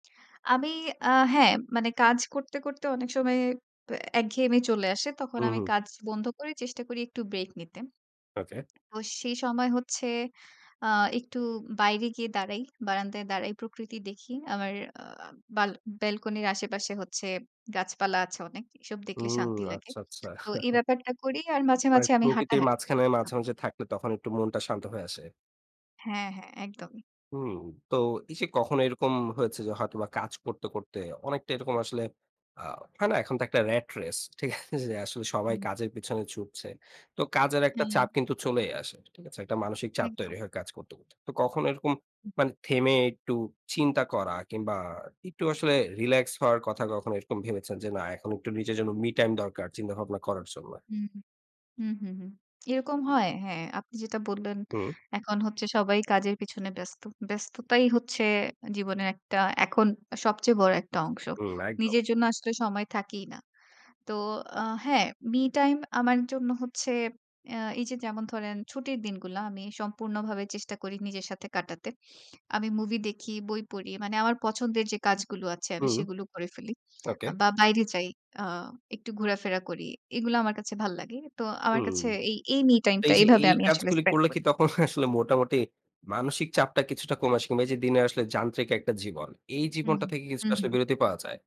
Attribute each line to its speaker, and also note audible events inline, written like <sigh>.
Speaker 1: আমি আ হ্যাঁ, মানে কাজ করতে, করতে অনেক সময় অ্যা একঘেয়েমি চলে আসে। তখন
Speaker 2: হুম,
Speaker 1: আমি
Speaker 2: হুম।
Speaker 1: কাজ বন্ধ করি। চেষ্টা করি একটু ব্রেক নিতে।
Speaker 2: ওকে।
Speaker 1: তো সেই সময় হচ্ছে আ একটু বাইরে গিয়ে দাঁড়াই। বারান্দায় দাঁড়াই প্রকৃতি দেখি। আমার আ বাআল ব্যালকনির আশেপাশে হচ্ছে গাছ-পালা আছে অনেক। এসব দেখলে
Speaker 2: হুম,
Speaker 1: শান্তি লাগে।
Speaker 2: আচ্ছা, আচ্ছা।
Speaker 1: তো এই
Speaker 2: <chuckles>
Speaker 1: ব্যাপারটা করি আর মাঝে,
Speaker 2: <unintelligible>
Speaker 1: মাঝে আমি
Speaker 2: প্রকৃতির
Speaker 1: হাঁটাহাঁটি করি
Speaker 2: মাঝখানে
Speaker 1: <unintelligible>
Speaker 2: মাঝে, মাঝে থাকলে তখন একটু মনটা শান্ত হয়ে আসে।
Speaker 1: হ্যাঁ, হ্যাঁ, একদমই।
Speaker 2: হুম। তো এই যে কখনো এরকম হয়েছে যে, হয়তোবা কাজ করতে, করতে অনেকটা এরকম আসলে আ হয় না এখন তো একটা র‍্যাট রেস ঠিক আছে যে আসলে সবাই
Speaker 1: হুম।
Speaker 2: কাজের পেছনে ছুটছে। তো কাজের একটা
Speaker 1: হ্যাঁ।
Speaker 2: চাপ কিন্তু চলেই আসে। ঠিক আছে? একটা মানসিক চাপ তৈরি
Speaker 1: একদম।
Speaker 2: হয়ে কাজ করতে, করতে। তো কখনো এরকম মানে থেমে একটু চিন্তা করা? কিংবা একটু আসলে রিল্যাক্স হওয়ার কথা কখনো এরকম ভেবেছেন যে না এখন একটু নিজের জন্য মি টাইম দরকার। চিন্তাভাবনা করার জন্যে।
Speaker 1: হু। হু, হু, হু এরকম হয়। হ্যাঁ আপনি যেটা বললেন
Speaker 2: হুম।
Speaker 1: এখন হচ্ছে সবাই কাজের পেছনে ব্যস্ত। ব্যস্ততাই হচ্ছে জীবনের একটা এখন সবচেয়ে বড় একটা অংশ।
Speaker 2: হুম, একদম।
Speaker 1: নিজের জন্য আসলে সময় থাকেই না। তো আ হ্যাঁ মি টাইম আমার জন্য হচ্ছে এ্যা এই যে যেমন ধরেন ছুটির দিনগুলা আমি সম্পূর্ণভাবে চেষ্টা করি নিজের সাথে কাটাতে। <sniffs> আমি মুভি দেখি, বই পড়ি। মানে আমার পছন্দের যে কাজগুলো আছে আমি
Speaker 2: হুম,
Speaker 1: সেগুলো করে ফেলি।
Speaker 2: ওকে।
Speaker 1: বা বাইরে যাই আ একটু ঘোরাফেরা করি। এগুলো আমার কাছে ভাল লাগে। তো আমার
Speaker 2: হুম।
Speaker 1: কাছে এই এই মি টাইম টা
Speaker 2: এই যে
Speaker 1: এভাবে
Speaker 2: এই
Speaker 1: আমি আসলে
Speaker 2: কাজগুলি
Speaker 1: স্পেন্ড
Speaker 2: করলে কি
Speaker 1: করি।
Speaker 2: তখন আসলে মোটামুটি মানসিক চাপটা কিছুটা কম আসে কিংবা এই যে দিনে আসলে যান্ত্রিক একটা জীবন। এই
Speaker 1: হুম,
Speaker 2: জীবনটা থেকে কি কিছুটা
Speaker 1: হুম,
Speaker 2: আসলে
Speaker 1: হুম।
Speaker 2: বিরতি পাওয়া যায়?